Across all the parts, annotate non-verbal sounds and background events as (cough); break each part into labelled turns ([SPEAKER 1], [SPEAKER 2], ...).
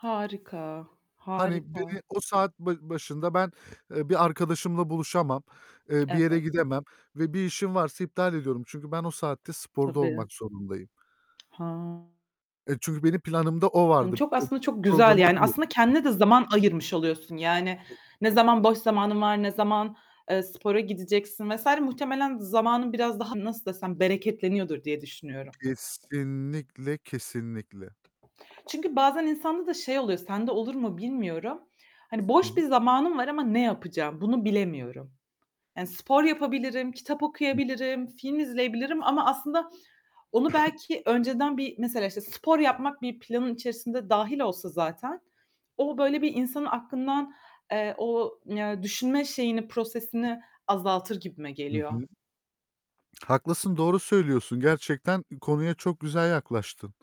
[SPEAKER 1] Harika,
[SPEAKER 2] Hani,
[SPEAKER 1] harika.
[SPEAKER 2] beni o saat ba başında ben, eee, bir arkadaşımla buluşamam, eee, bir yere
[SPEAKER 1] Evet.
[SPEAKER 2] gidemem ve bir işim varsa iptal ediyorum. Çünkü ben o saatte sporda
[SPEAKER 1] Tabii.
[SPEAKER 2] olmak zorundayım.
[SPEAKER 1] Ha.
[SPEAKER 2] Eee, çünkü benim planımda o vardı.
[SPEAKER 1] Çok,
[SPEAKER 2] Eb
[SPEAKER 1] aslında çok güzel,
[SPEAKER 2] programım
[SPEAKER 1] yani,
[SPEAKER 2] bu.
[SPEAKER 1] aslında kendine de zaman ayırmış oluyorsun yani. Ne zaman boş zamanın var, ne zaman, eee, spora gideceksin vs. muhtemelen zamanın biraz daha, nasıl desem, bereketleniyordur diye düşünüyorum.
[SPEAKER 2] Kesinlikle, kesinlikle.
[SPEAKER 1] Çünkü bazen insanda da şey oluyor, sende olur mu, bilmiyorum. Hani,
[SPEAKER 2] Hı
[SPEAKER 1] "Boş
[SPEAKER 2] hı.
[SPEAKER 1] bir zamanım var ama ne yapacağım? Bunu bilemiyorum." Yani, "Spor yapabilirim, kitap
[SPEAKER 2] Hı.
[SPEAKER 1] okuyabilirim, film izleyebilirim." ama aslında onu
[SPEAKER 2] (coughs)
[SPEAKER 1] belki önceden bir, mesela, işte, spor yapmak bir planın içerisinde dâhil olsa zaten, o böyle bir insanın aklından, eee, o, yani, düşünme şeyini, prosesini azaltır gibime
[SPEAKER 2] Hı
[SPEAKER 1] geliyor.
[SPEAKER 2] hı. Haklısın, doğru söylüyorsun. Gerçekten ı konuya çok güzel yaklaştın.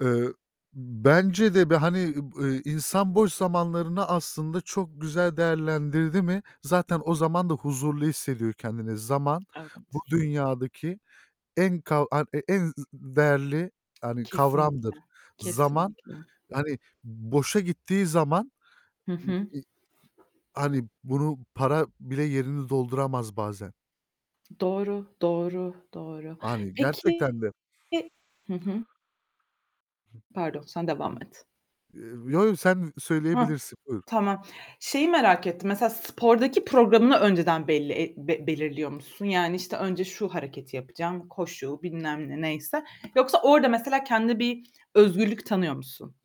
[SPEAKER 2] Eee. Bence de, bir, hani, eb eee, insan boş zamanlarını aslında çok güzel değerlendirdi mi, zaten o zaman da huzurlu hissediyor kendini. Zaman, bu
[SPEAKER 1] Evet.
[SPEAKER 2] dünyadaki en ka e en z değerli yani
[SPEAKER 1] Kesinlikle,
[SPEAKER 2] kavramdır. Zaman,
[SPEAKER 1] kesinlikle.
[SPEAKER 2] hani, boşa gittiği zaman,
[SPEAKER 1] Hı
[SPEAKER 2] ııı,
[SPEAKER 1] hı.
[SPEAKER 2] iii, hani, bunu para bile yerini dolduramaz bazen.
[SPEAKER 1] Doğru, doğru, doğru.
[SPEAKER 2] Hani, gerçekten
[SPEAKER 1] Peki
[SPEAKER 2] de.
[SPEAKER 1] Hı hı.
[SPEAKER 2] Eee,
[SPEAKER 1] Pardon sen devam et.
[SPEAKER 2] yo, yo, sen
[SPEAKER 1] Hah,
[SPEAKER 2] söyleyebilirsin, buyur.
[SPEAKER 1] tamam. Şeyi merak ettim mesela spordaki programını önceden belli e be belirliyor musun? Yani işte, önce şu hareketi yapacağım, koşu bilmem ne neyse. Yoksa orada mesela kendine bir özgürlük tanıyor musun?